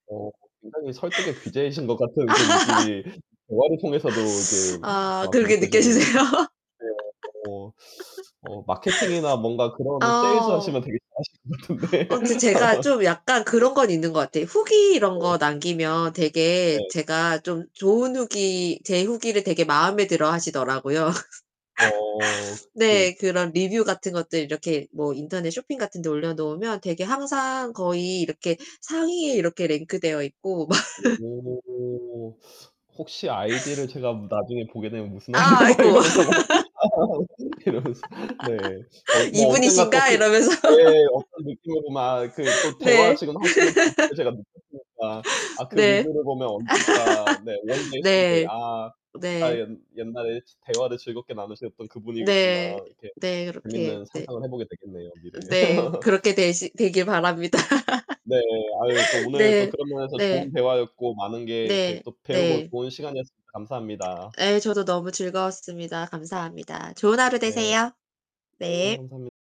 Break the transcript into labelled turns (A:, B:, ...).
A: 어, 굉장히 설득의 귀재이신 것 같은 그 느낌이 대화를 통해서도 이게
B: 아.
A: 막
B: 그렇게 느껴지세요?
A: 느껴지는 네. 어. 어. 마케팅이나 뭔가 그런 세일즈
B: 어.
A: 하시면 되게 잘하실 것 같은데.
B: 아무튼 제가 좀 약간
A: 네.
B: 그런 건 있는 것 같아요. 후기 이런
A: 네.
B: 거 남기면 되게
A: 네.
B: 제가 좀 좋은 후기 제 후기를 되게 마음에 들어 하시더라고요.
A: 어.
B: 네,
A: 그
B: 그런 리뷰 같은 것들 이렇게 뭐 인터넷 쇼핑 같은 데 올려놓으면 되게 항상 거의 이렇게 상위에 이렇게 랭크되어 있고 막
A: 오. 혹시 아이디를 제가 나중에 보게 되면 무슨
B: 아,
A: [unintelligible] 막
B: 아이고.
A: 이러면서 이러면서 네. 어 뭐 언젠가 또
B: "이분이신가?"
A: 그
B: 이러면서.
A: 예예예. 어떤 느낌으로 막 그 또 대화
B: 네.
A: 지금 하시는 방법을 제가 느꼈으니까. 아 그
B: 네.
A: 리뷰를 보면 언젠가 네. one day, someday.
B: 네.
A: 아. 아,
B: 네.
A: 옛 옛날에 지 '대화를 즐겁게 나누셨던 그
B: 네.
A: 분이겠구나.' 이렇게
B: 네. 그렇게
A: 재밌는
B: 네.
A: 상상을 해보게 되겠네요, 미래에.
B: 네, 그렇게 되시 되길 바랍니다.
A: 네, 아유. 또 오늘 또
B: 네.
A: 그런 면에서 좋은
B: 네.
A: 대화였고 많은 게 이렇게
B: 네.
A: 또 배우고
B: 네.
A: 좋은 시간이었습니다. 감사합니다.
B: 예, 저도 너무 즐거웠습니다. 감사합니다. 좋은 하루
A: 네.
B: 되세요.
A: 네,
B: 네.
A: 감사합니